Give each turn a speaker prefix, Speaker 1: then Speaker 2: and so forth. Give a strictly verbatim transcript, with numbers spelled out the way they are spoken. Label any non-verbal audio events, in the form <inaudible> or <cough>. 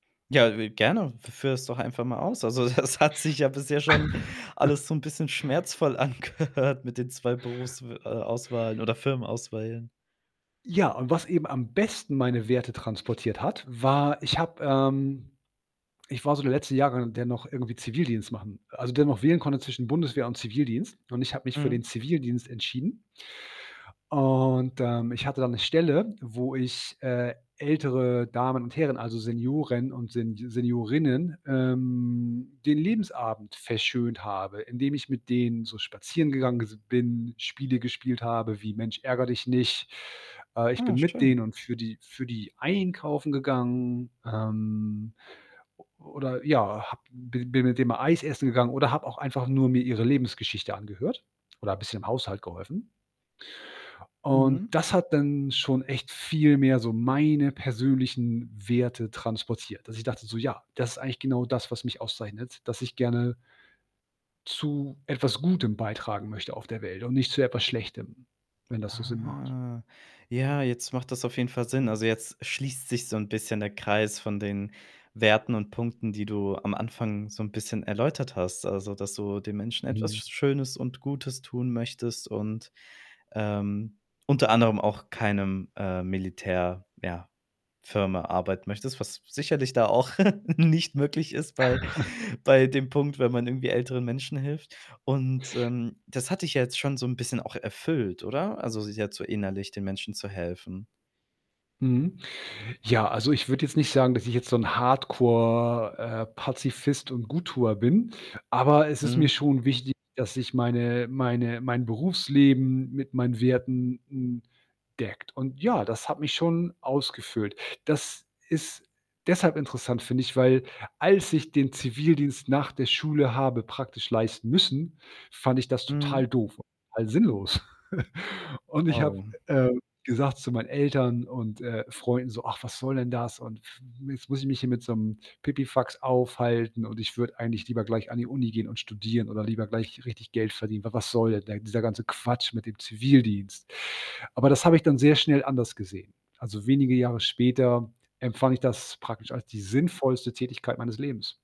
Speaker 1: Ja, w gerne. F führe es doch einfach mal aus. Also, das hat sich ja bisher schon alles
Speaker 2: <chuckles>
Speaker 1: so 'n bisschen schmerzvoll angehört mit den zwei Berufsw äh, Auswahlen oder Firmenauswählen.
Speaker 2: Ja, und was eben am besten meine Werte transportiert hat, war ich habe, ähm ich war so der letzte Jahrgang, der noch irgendwie Zivildienst machen also, der noch wählen konnte zwischen Bundeswehr und Zivildienst. Und ich habe mich für den
Speaker 1: Mhm.
Speaker 2: Zivildienst entschieden. Und, ähm, ich hatte da 'ne Stelle, wo ich, äh, ältere Damen und Herren, also, Senioren und Sen Seniorinnen, ähm, den Lebensabend verschönt habe, indem ich mit denen so spazieren gegangen s bin, Spiele gespielt habe wie „Mensch ärgere Dich nicht.“ Äh, ich
Speaker 1: Ah,
Speaker 2: bin mit
Speaker 1: schön.
Speaker 2: denen und für die für die einkaufen gegangen, ähm, o oder, ja, habe b bin mit denen mal Eis essen gegangen oder habe auch einfach nur mir ihre Lebensgeschichte angehört oder bisschen im Haushalt geholfen. Und
Speaker 1: Mhm.
Speaker 2: das hat dann schon echt viel mehr so meine persönlichen Werte transportiert, dass ich dachte so: „Ja, das ist eigentlich genau das, was mich auszeichnet, dass ich gerne“ „zu etwas Gutem beitragen möchte auf der Welt und nicht zu etwas Schlechtem“, wenn das so Sinn macht.
Speaker 1: Ah. Ja, jetzt macht das auf jeden Fall Sinn. Also, jetzt schließt sich so 'n bisschen der Kreis von den Werten und Punkten, die du am Anfang so 'n bisschen erläutert hast. Also, dass du den Menschen etwas
Speaker 2: Mhm.
Speaker 1: Sch Schönes und Gutes tun möchtest und, ähm, unter anderem auch keinem, äh, Militär, ja, Firma arbeiten möchtest, was s sicherlich da auch <giggles> nicht möglich ist bei
Speaker 2: <chuckles>
Speaker 1: bei dem Punkt, wenn man irgendwie älteren Menschen hilft. Und, ähm, das hat dich ja jetzt schon so 'n bisschen auch erfüllt, oder? Also, sich jetzt so innerlich den Menschen zu helfen.
Speaker 2: Mhm. Ja, also, ich würde jetzt nicht sagen, dass ich jetzt so 'n Hardcore, äh, Pazifist und „Gut-Tuer“ bin, aber es ist mir
Speaker 1: Mhm.
Speaker 2: schon wichtig, dass ich meine meine mein Berufsleben mit meinen Werten n deckt. Und, ja, das hat mich schon ausgefüllt. Das ist deshalb interessant, finde ich, weil als ich den Zivildienst nach der Schule habe praktisch leisten müssen, fand ich das
Speaker 1: Mhm.
Speaker 2: total doof, halt sinnlos. <chuckles> Und ich habe,
Speaker 1: Oh.
Speaker 2: äh, gesagt zu meinen Eltern und, äh, Freunden so: „Ach, was soll denn das? Und f jetzt muss ich mich hier mit so 'nem Pipifax aufhalten und ich würde eigentlich lieber gleich an die Uni gehen und studieren oder lieber gleich richtig Geld verdienen. W w was soll denn der dieser ganze Quatsch mit dem Zivildienst?“ Aber das habe ich dann sehr schnell anders gesehen. Also, wenige Jahre später empfand ich das praktisch als die sinnvollste Tätigkeit meines Lebens.